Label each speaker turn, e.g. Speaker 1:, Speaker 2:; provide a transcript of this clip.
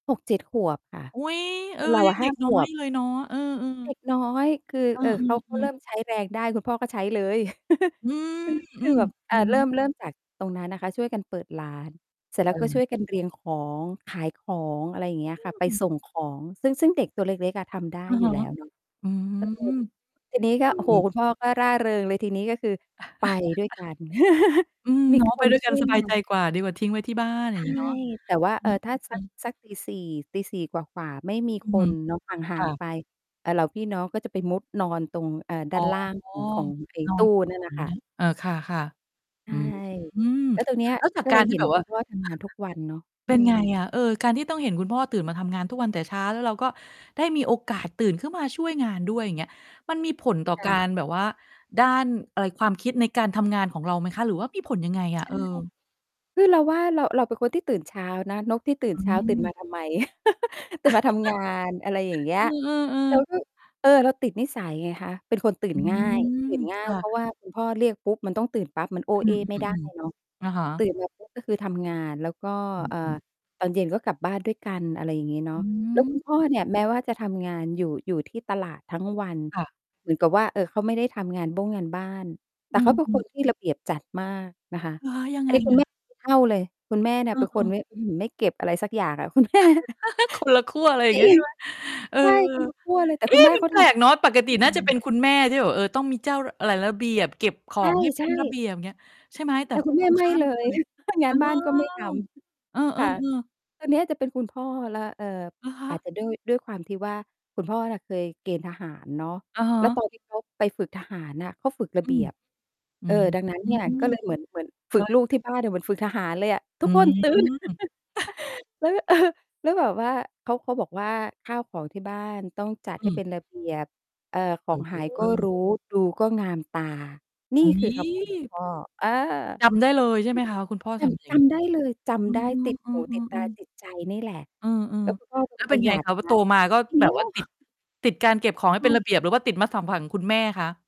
Speaker 1: 6-7 ขวบค่ะ
Speaker 2: อุ๊ย เ
Speaker 1: แ
Speaker 2: อ
Speaker 1: ต
Speaker 2: อ
Speaker 1: ่เรา
Speaker 2: ยั
Speaker 1: อะ
Speaker 2: งเ
Speaker 1: ห
Speaker 2: ด
Speaker 1: ้
Speaker 2: ็
Speaker 1: า
Speaker 2: ก
Speaker 1: ข
Speaker 2: น้อ
Speaker 1: ว
Speaker 2: ย
Speaker 1: บ
Speaker 2: เลยเนาะ เออ
Speaker 1: เด
Speaker 2: ๆ
Speaker 1: ็กน้อย คือ
Speaker 2: เอ
Speaker 1: เอ่อ เขาเ
Speaker 2: อ
Speaker 1: ริ
Speaker 2: ๆ ๆ
Speaker 1: ่มใช้แรงได้ คุณพ่อก็ใช้เลย
Speaker 2: อือ
Speaker 1: คือ ค
Speaker 2: อื
Speaker 1: ือ
Speaker 2: ม
Speaker 1: แบบ อ
Speaker 2: อ
Speaker 1: ่
Speaker 2: ื
Speaker 1: า
Speaker 2: อ
Speaker 1: เ
Speaker 2: ฮ
Speaker 1: ริ่
Speaker 2: ึ
Speaker 1: ม เริ่ม จากตรงนั้นนะคะ ช่วยกันเปิดร้าน เสร็จแล้วก็ช่
Speaker 2: เออ
Speaker 1: วยกันเรียงของขายของ อะไรอย่างเงี้ย
Speaker 2: อ
Speaker 1: ค่ะ ไป
Speaker 2: ืม
Speaker 1: ส่งของ ซึ่ง ซึ่งเด็กตัวเล็ก ๆ อะทำได้
Speaker 2: อะ
Speaker 1: อย
Speaker 2: ฮ
Speaker 1: ู่
Speaker 2: ะ
Speaker 1: แล้วเนาะ
Speaker 2: อืม
Speaker 1: เออ ที่นี้ ก
Speaker 2: เ
Speaker 1: ็
Speaker 2: อ
Speaker 1: โอ้โฮ
Speaker 2: อ
Speaker 1: คุณพ่อก็ร่าเริงเลยทีนี้ ก็คือไปด้วยกัน
Speaker 2: อืม
Speaker 1: มี
Speaker 2: เนาะ
Speaker 1: ค
Speaker 2: ไป
Speaker 1: น
Speaker 2: ด้วย
Speaker 1: ช
Speaker 2: กั
Speaker 1: ่
Speaker 2: น
Speaker 1: วย
Speaker 2: สบ
Speaker 1: ง
Speaker 2: าย
Speaker 1: า
Speaker 2: ใจ
Speaker 1: น
Speaker 2: กว่า ดีกว่าทิ้งไว้ที่บ้าน อ
Speaker 1: ใ
Speaker 2: ย
Speaker 1: ช
Speaker 2: ่าง
Speaker 1: ่
Speaker 2: งี้เนาะ
Speaker 1: แต่ว่า
Speaker 2: เอ
Speaker 1: เอ่อ ถ้าสั
Speaker 2: อ
Speaker 1: ก
Speaker 2: ๆ ๆ
Speaker 1: สัก 4:00- 4:00 กว่า ๆ ไม่มี
Speaker 2: อือ
Speaker 1: ค
Speaker 2: ฮึ
Speaker 1: นเนาะ ห่า
Speaker 2: ค
Speaker 1: ง
Speaker 2: ่ะ
Speaker 1: ๆ ไป อ่า เราพี่น้องก็จะไปมุดนอนตรง เอ่อ ด้
Speaker 2: อ๋
Speaker 1: า
Speaker 2: อ
Speaker 1: นล่างของ ของไอ้
Speaker 2: นอ
Speaker 1: ต
Speaker 2: น
Speaker 1: ู้
Speaker 2: ต่
Speaker 1: นั่น
Speaker 2: อ
Speaker 1: น่
Speaker 2: อ
Speaker 1: ะ
Speaker 2: ย่า
Speaker 1: ค
Speaker 2: งเ
Speaker 1: ่
Speaker 2: ง
Speaker 1: ะ
Speaker 2: ี้ย เอ่อ ค่ะ
Speaker 1: ใช
Speaker 2: ๆ อื
Speaker 1: ่
Speaker 2: ม
Speaker 1: แล้วตรงเนี้ย
Speaker 2: แล้วจา
Speaker 1: ก
Speaker 2: ก
Speaker 1: ็
Speaker 2: ก
Speaker 1: เล
Speaker 2: าร
Speaker 1: ย
Speaker 2: ที
Speaker 1: เห
Speaker 2: ่
Speaker 1: ็น
Speaker 2: แบบ
Speaker 1: ค
Speaker 2: ว
Speaker 1: ุ
Speaker 2: ่า
Speaker 1: ณพ่อทำงานทุกวันเนาะ อ
Speaker 2: เ
Speaker 1: ื
Speaker 2: ป็นไง
Speaker 1: ม
Speaker 2: อะ? เอ่อ การที่ต้องเห็นคุณพ่อตื่นมาทำงานทุกวันแต่เช้า แล้วเราก็ได้มีโอกาสตื่นขึ้นมาช่วยงานด้วย อย่างเงี้ย มันมีผลต่อ
Speaker 1: ค่
Speaker 2: ก
Speaker 1: ะ
Speaker 2: ารแบบว่าด้าน อะไร ความคิดในการทำงาน ของเราไหมคะ? หรือว่ามีผลยังไงอ
Speaker 1: ใช
Speaker 2: ะ?
Speaker 1: ่
Speaker 2: เออ
Speaker 1: คือเราว่าเรา เราเป็นคนที่ตื่นเช้านะ นกที่ตื่
Speaker 2: อ
Speaker 1: น
Speaker 2: ื
Speaker 1: เช้า ตื่นม
Speaker 2: ม
Speaker 1: าทำไม? ตื่นมา ทำงาน อะไรอย่างเงี้
Speaker 2: เ
Speaker 1: ย
Speaker 2: ออ
Speaker 1: เรา
Speaker 2: ๆ ๆ
Speaker 1: ก็ เออ เราติดนิสัยไงคะ เป็นคน ตื่
Speaker 2: อ
Speaker 1: น
Speaker 2: ื
Speaker 1: ง่าย
Speaker 2: ม
Speaker 1: ตื่นง่า
Speaker 2: ค
Speaker 1: ย
Speaker 2: ่
Speaker 1: เพ
Speaker 2: ะ
Speaker 1: ราะว่าคุณพ่อเรียกปุ๊บมันต้องตื่นปั๊บ มันโอ้
Speaker 2: อื
Speaker 1: เอ้ไม่ได้
Speaker 2: ม
Speaker 1: เนาะ
Speaker 2: ๆ ๆ อะฮะ
Speaker 1: ตื่นมาปุ๊บก็คือทำงาน แล้วก็
Speaker 2: อื
Speaker 1: เอ่อ
Speaker 2: ม ๆ
Speaker 1: ตอนเย็นก็กลับบ้านด้วยกัน อะไรอย่างงี้เนา
Speaker 2: อ
Speaker 1: ะ
Speaker 2: ื
Speaker 1: แล้ว
Speaker 2: ม
Speaker 1: คุณพ่อ
Speaker 2: อึ
Speaker 1: เนี่ยแม้ว่าจะทำงานอยู่ อยู่ที่ตลาดทั้งวัน
Speaker 2: ค่ะ
Speaker 1: เหมือนกับว่า เอ่อ เขาไม่ได้ทำงานบ้งงานบ้าน แต่
Speaker 2: อื
Speaker 1: เขาเป็นค
Speaker 2: ม
Speaker 1: นที่ระเบียบจัดมากนะคะ
Speaker 2: เหรอ ยัง
Speaker 1: อั
Speaker 2: ไ
Speaker 1: น
Speaker 2: ง
Speaker 1: นี้คุ
Speaker 2: อ
Speaker 1: ณแ
Speaker 2: ะ?
Speaker 1: ม่ ไม่เท่าเลย คุณแม่เนี่
Speaker 2: เ
Speaker 1: ย
Speaker 2: อ
Speaker 1: เป็นคน
Speaker 2: อ
Speaker 1: ไ
Speaker 2: ๆ
Speaker 1: ม่ อื้อฮือ เก็บอะไรสักอย่างอะคุณ แม่
Speaker 2: คนละขั้ว อะไรอย่
Speaker 1: จ
Speaker 2: า
Speaker 1: ร
Speaker 2: งเ
Speaker 1: ิ
Speaker 2: งี้ย ใช
Speaker 1: ง
Speaker 2: ่ไหม เออ
Speaker 1: ใช่ คนละขั้วเลย แต่
Speaker 2: เอ๊
Speaker 1: คุณ
Speaker 2: ะ
Speaker 1: แม่
Speaker 2: มั
Speaker 1: เ
Speaker 2: น
Speaker 1: ขา
Speaker 2: แป
Speaker 1: ท
Speaker 2: ลกเ
Speaker 1: ำ
Speaker 2: น
Speaker 1: เข
Speaker 2: าะ ปก
Speaker 1: า
Speaker 2: ติ
Speaker 1: ทำ
Speaker 2: น่
Speaker 1: ง
Speaker 2: าจะ
Speaker 1: าน
Speaker 2: เป็
Speaker 1: ห
Speaker 2: น
Speaker 1: นัก
Speaker 2: คุณแม่ที่แบบ เอ่อ ต้องมีเจ้า ร อะไร ระเบียบ เก็บของ ให้
Speaker 1: ใ
Speaker 2: เ
Speaker 1: ช
Speaker 2: ป็
Speaker 1: ่
Speaker 2: นระเ
Speaker 1: ๆ
Speaker 2: บียบ อย่างเงี้ย ใช่ไหม แต่
Speaker 1: แต่คุณแ
Speaker 2: ต
Speaker 1: ม
Speaker 2: ร
Speaker 1: ่
Speaker 2: ง
Speaker 1: ไ
Speaker 2: ข
Speaker 1: ม่
Speaker 2: ้าม
Speaker 1: เล
Speaker 2: เล
Speaker 1: ย
Speaker 2: ย
Speaker 1: ง
Speaker 2: เ
Speaker 1: า
Speaker 2: ออ
Speaker 1: นบ้านก็ไม่ท
Speaker 2: เอ
Speaker 1: ำ ค่ะ
Speaker 2: อ ๆ ๆ
Speaker 1: ตอนเนี้ยจะเป็นคุณพ่อแล้ว เอ่อ
Speaker 2: เหรอค
Speaker 1: อาจ
Speaker 2: ะ?
Speaker 1: จะด้วย ด้วยความที่ว่าคุณพ่อน่ะ เคยเกณฑ์ทหารเนาะ
Speaker 2: อะฮ
Speaker 1: แล้ว
Speaker 2: ะ
Speaker 1: ตอนที่เขาไปฝึกทหารน่ะ เขาฝึกร
Speaker 2: อ
Speaker 1: ะเ
Speaker 2: ื
Speaker 1: บี
Speaker 2: ม
Speaker 1: ยบ
Speaker 2: อื
Speaker 1: เอ่อ
Speaker 2: ม
Speaker 1: ดังนั้นเนี่ย ก็เลยเหมือน เหมือนฝ
Speaker 2: ก
Speaker 1: ึ
Speaker 2: ็
Speaker 1: กลูกที่บ้านเนี่ยเหมือนฝึกทหารเลยอะ "ท
Speaker 2: อ
Speaker 1: ุ
Speaker 2: ื
Speaker 1: กคนตื่น"
Speaker 2: ม
Speaker 1: แล้วก็ เอ่อ แล้วแบบว่าเขา เขาบอกว่า "ข้าวของที่บ้านต้องจัด
Speaker 2: อ
Speaker 1: ให้
Speaker 2: ื
Speaker 1: เป
Speaker 2: ม
Speaker 1: ็นระเบียบ เอ่อ ของหาย
Speaker 2: เ
Speaker 1: ก็ร
Speaker 2: ออ
Speaker 1: ู้ ดูก็งามตา" นี่
Speaker 2: อุ๊
Speaker 1: คือ
Speaker 2: ย
Speaker 1: คำพูดคุณพ่อ เออ
Speaker 2: จำได้เลย ใช่ไหมคะ คุณพ่อ
Speaker 1: จ
Speaker 2: สอน มาอย
Speaker 1: ำ
Speaker 2: ่
Speaker 1: จ
Speaker 2: างงี้
Speaker 1: ำได้เลย จ
Speaker 2: อ๋อ
Speaker 1: ำได้ติด
Speaker 2: เอ
Speaker 1: หู ติดต
Speaker 2: อ
Speaker 1: า
Speaker 2: ๆ ๆ
Speaker 1: ติดใจนี่แหละ
Speaker 2: เอ
Speaker 1: แ
Speaker 2: อ
Speaker 1: ล้วคุณพ่อ ค
Speaker 2: ๆ แล้
Speaker 1: น
Speaker 2: วเป
Speaker 1: ป
Speaker 2: ็
Speaker 1: ร
Speaker 2: น
Speaker 1: ะห
Speaker 2: ไ
Speaker 1: ย
Speaker 2: ง
Speaker 1: ัด
Speaker 2: คะ? พอ
Speaker 1: น
Speaker 2: โต
Speaker 1: ะ
Speaker 2: มาก็
Speaker 1: สุด
Speaker 2: แบ
Speaker 1: ย
Speaker 2: บ
Speaker 1: อ
Speaker 2: ว่า
Speaker 1: ด
Speaker 2: ติด ติดการเก็บของให้
Speaker 1: ใช
Speaker 2: เป็นระ
Speaker 1: ่
Speaker 2: เบียบ หรือว่าติดมนุษยสัมพันธ์ ของคุณแม่คะ?